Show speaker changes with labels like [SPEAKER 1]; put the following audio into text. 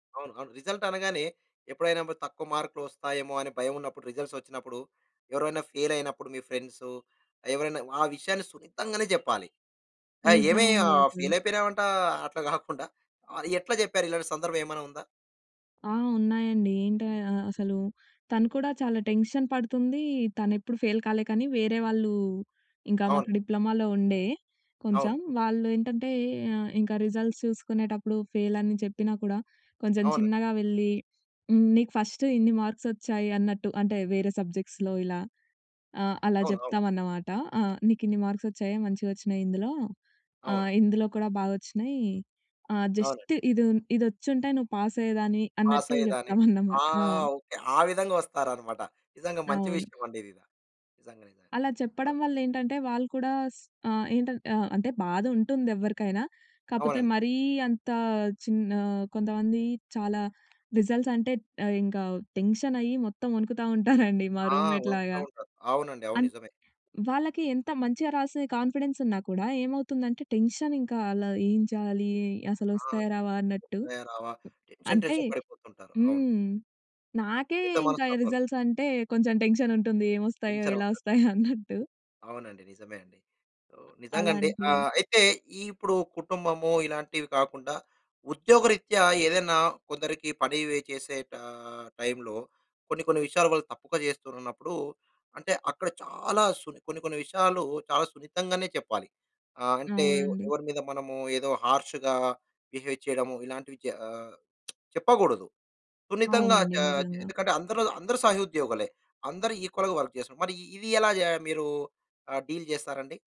[SPEAKER 1] అవును. అవును. రిజల్ట్ అనగానే, ఎప్పుడైనా బద్ తక్కువ మార్కులు వస్తాయేమో అని భయం ఉన్నప్పుడు, రిజల్ట్స్ వొచ్చినప్పుడు, ఎవరివైనా ఫేలయినప్పుడు, మీ ఫ్రెండ్సు, ఎవరైనా ఆ విషయాన్ని సున్నితంగానే చెప్పాలి. అయ్! ఏమి
[SPEAKER 2] నిజవండి
[SPEAKER 1] ఆహ్,
[SPEAKER 2] అసలు.
[SPEAKER 1] ఫెయిలయిపోయినావంట! అట్లా కాకుండా, ఆహ్, ఎట్ల చెప్పేరు? ఇలాంటి సందర్భం ఏమనా ఉందా?
[SPEAKER 2] ఆ! ఉన్నాయండి. ఏంటయ అసలు, తను కూడా చాలా టెన్షన్ పడుతుంది. తనెప్పుడు ఫెయిల్ కాలే కానీ, వేరే వాళ్ళు ఇంకా మాకు
[SPEAKER 1] అవును.
[SPEAKER 2] డిప్లొమాలో ఉండే కొంచెం.
[SPEAKER 1] అవును.
[SPEAKER 2] వాళ్ళు ఏంటంటే, ఇంక రిజల్ట్స్ చూసుకునేటప్పుడు ఫేలని చెప్పినా కూడా, కొంచెం
[SPEAKER 1] అవును.
[SPEAKER 2] చిన్నగా వెళ్ళి, హ్మ్, నీకు ఫస్ట్ ఇన్ని మార్క్స్ వచ్చాయి అన్నట్టు. అంటే, వేరే సబ్జెక్ట్స్‌లో ఇలా. ఆహ్, అలా
[SPEAKER 1] అవును. అవును.
[SPEAKER 2] చెప్తామన్నమాట. ఆ! నీకిన్ని మార్క్స్ వచ్చాయా? మంచిగొచ్చినాయి ఇందులో. ఆహ్,
[SPEAKER 1] అవును.
[SPEAKER 2] ఇందులో కూడా బాగొచ్చినాయి. ఆహ్,
[SPEAKER 1] అవునండి.
[SPEAKER 2] జస్ట్ ఇదున్ ఇదొచ్చింటే నువ్వు పాసయ్యేదానివి. అన్నట్టు
[SPEAKER 1] పాసయ్యేదానివి. ఆ!
[SPEAKER 2] చెప్తామన్నమాట. ఆ!
[SPEAKER 1] ఓకే. ఆ విధంగా వస్తారనమాట. నిజంగా మంచి
[SPEAKER 2] అవును.
[SPEAKER 1] విషయవండి ఇదిద. నిజంగానే ఇదా!
[SPEAKER 2] అలా చెప్పడం వల్లేంటంటే, వాళ్ళు కూడా స్ ఆహ్, ఏంటంట్ ఆహ్, అంటే బాధ ఉంటుందెవ్వరికైనా. కాపోతే,
[SPEAKER 1] అవునండి.
[SPEAKER 2] మరీ అంత చిన్ ఆహ్, కొంతమంది చాలా రిజల్ట్స్ అంటే అహ్, ఇంకా టెన్షన్ అయ్యి, మొత్తం వణుకుతా ఉంటారండి మా
[SPEAKER 1] ఆ!
[SPEAKER 2] రూమ్‌మేట్ లాగా.
[SPEAKER 1] వణుకుతు ఉంటారు. అవునండి అవును.
[SPEAKER 2] అన్
[SPEAKER 1] నిజమే.
[SPEAKER 2] వాళ్ళకి ఎంత మంచిగా రాసిన కాన్ఫిడెన్స్ ఉన్నా కూడా ఏమవుతుందంటే, టెన్షన్ ఇంకా అలా ఏం చేయాలి?
[SPEAKER 1] ఆ!
[SPEAKER 2] అసలొస్తాయా? రావా? అన్నట్టు.
[SPEAKER 1] వస్తాయా? రావా? టెన్షన్
[SPEAKER 2] అంటే
[SPEAKER 1] టెన్షన్ పడిపోతుంటారు. అవును.
[SPEAKER 2] హ్మ్. నాకే
[SPEAKER 1] మిత
[SPEAKER 2] ఇంక
[SPEAKER 1] మనస్తత్వాలు.
[SPEAKER 2] రిజల్ట్స్ అంటే కొంచెం టెన్షనుంటుంది. ఏమొస్తాయో?
[SPEAKER 1] వెంచర
[SPEAKER 2] ఎలా
[SPEAKER 1] వంద.
[SPEAKER 2] వస్తాయో? అన్నట్టు.
[SPEAKER 1] అవునండి. నిజమే అండి. ఆహ్, నిజంగా అండి.
[SPEAKER 2] అలాంటి.
[SPEAKER 1] ఆహ్, అయితే, ఇ ఇప్పుడు కుటుంబము ఇలాంటివి కాకుండా, ఉద్యోగరీత్యా ఏదేనా కొందరికి పని వి చేసే టా టైములో, కొన్ని కొన్ని విషయాలు వాళ్ళు తప్పుగా చేస్తురన్నప్పుడు అంటే, అక్కడ చాలా సుని కొన్ని కొన్ని విషయాలు చాలా సున్నితంగానే చెప్పాలి. ఆహ్, అంటే, వొ
[SPEAKER 2] అవునండి.
[SPEAKER 1] ఎవరి మీద మనము ఏదో హార్ష్‌గా బిహేవ్ చేయడము, ఇలాంటివి చె ఆహ్, చెప్పకూడదు. సున్నితంగా
[SPEAKER 2] అవునండి
[SPEAKER 1] చాజ్
[SPEAKER 2] నిజంగా.
[SPEAKER 1] ఎందుకంటే, అందరు అందరూ సహోద్యోగులే. అందరూ ఈక్వల్‌గా వర్క్ జేస్తున్నారు. మరి ఇది ఎలా జా మీరు ఆహ్, డీల్ చేస్తారండి?